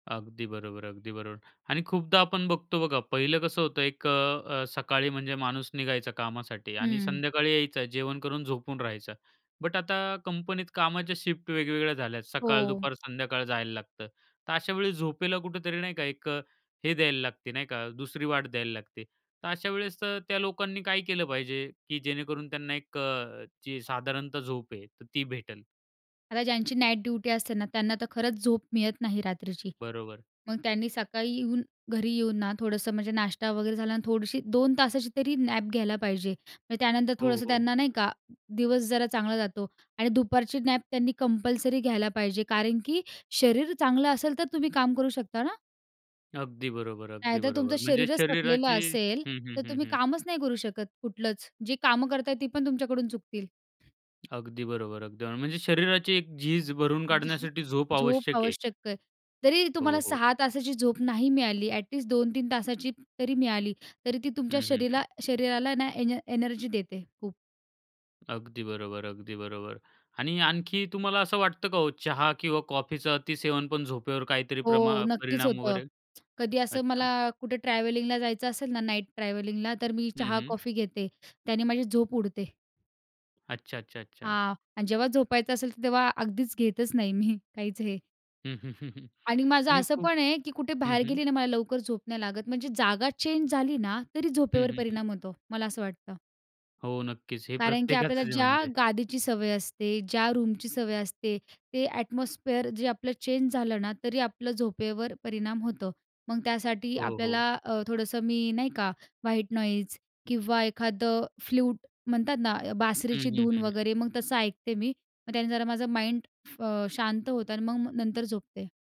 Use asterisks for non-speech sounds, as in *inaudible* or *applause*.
अगदी बरोबर, अगदी बरोबर आणि खूपदा आपण बघतो बघा, पहिलं कसं होतं एक अ, अ, सकाळी म्हणजे माणूस निघायचा कामासाठी आणि हम्म. संध्याकाळी यायचा, जेवण करून झोपून राहायचा. बट आता कंपनीत कामाच्या शिफ्ट वेगवेगळ्या झाल्या. सकाळ, हो. दुपार, संध्याकाळ जायला लागतं, तर अशा वेळी झोपेला कुठेतरी नाही का, एक हे द्यायला लागते नाही का, दुसरी वाट द्यायला लागते. तर अशा वेळेस अ, त्या लोकांनी काय केलं पाहिजे, की जेणेकरून त्यांना एक अ, ची साधारणतः झोप आहे तर ती भेटेल? आता ज्यांची नाईट ड्युटी असते ना, त्यांना तर खरंच झोप मिळत नाही रात्रीची. बरोबर. मग त्यांनी सकाळी येऊन, घरी येऊन ना, थोडंसं म्हणजे नाश्ता वगैरे झाला, आणि थोडीशी 2 तासाची तरी नॅप घ्यायला पाहिजे. मग त्यानंतर हो, थोडंसं हो. त्यांना नाही का, दिवस जरा चांगला जातो आणि दुपारची नॅप त्यांनी कंपल्सरी घ्यायला पाहिजे कारण, की शरीर चांगलं असेल, तर तुम्ही काम करू शकता ना. अगदी बरोबर, अगदी नाहीतर तुमचं बरोबर. म्हणजे शरीरच थकलेलं शरीराची असेल, हं, हं, तर हं, तुम्ही हं. कामच नाही करू शकत कुठलंच. जी कामं करतायेत, ती पण तुमच्याकडून चुकतील. अगदी बरोबर, अगदी म्हणजे शरीराची एक झीज भरून जाह काढण्यासाठी झोप झोप आवश्यक आहे. आवश्यक आहे, जरी तुम्हाला हो, हो. 6 तासाची झोप नाही मिळाली, ॲट लिस्ट 2-3 तासाची तरी मिळाली, तरी ती तुमच्या हं, हं, हं. शरीरा शरीराला ना एन एनर्जी देते खूप. अगदी बरोबर, अगदी बरोबर. आणि आणखी तुम्हाला असं वाटतं का हो, चहा किंवा कॉफीचा अतिसेवन पण झोपेवर काहीतरी हो, प्रणा नक्कीच परिणाम होतं. वगैरे कधी असं मला अच्छा. कुठे ट्रॅव्हलिंगला जायचं असेल ना, नाईट ट्रॅव्हलिंगला, तर मी हं, चहा, हं. कॉफी घेते, त्याने माझी झोप उडते. अच्छा, अच्छा, अच्छा. हां आणि जेव्हा झोपायचं असेल, तर तेव्हा अगदीच घेतच नाही, मी काहीच हे. *chuckles* आणि माझं आणि असं खूप पण आहे, की कुठे हं, बाहेर हं. गेली ना, मला लवकर झोप नाही लागत, म्हणजे जागा चेंज झाली ना, तरी हं, झोपेवर हं, हं. परिणाम होतो, मला असं वाटतं. हो, नक्कीच, हे कारण की आपल्याला प्रत्येकाचच आहे ज्या म्हणजे. गादीची सवय असते, ज्या रूमची सवय असते, ते ॲटमॉस्फिअर जे आपलं चेंज झालं ना, तरी आपलं झोपेवर परिणाम होतं. मग त्यासाठी हो, हो. आपल्याला अ, थोडंसं मी नाही का, व्हाईट नॉईज किंवा एखादं फ्लूट म्हणतात ना, अ, हं, बासरीची हं, धून हं, हं. वगैरे, मग तसं ऐकते मी, मग त्याने जरा माझं माइंड फ अ, शांत होतं आणि म मग नंतर झोपते.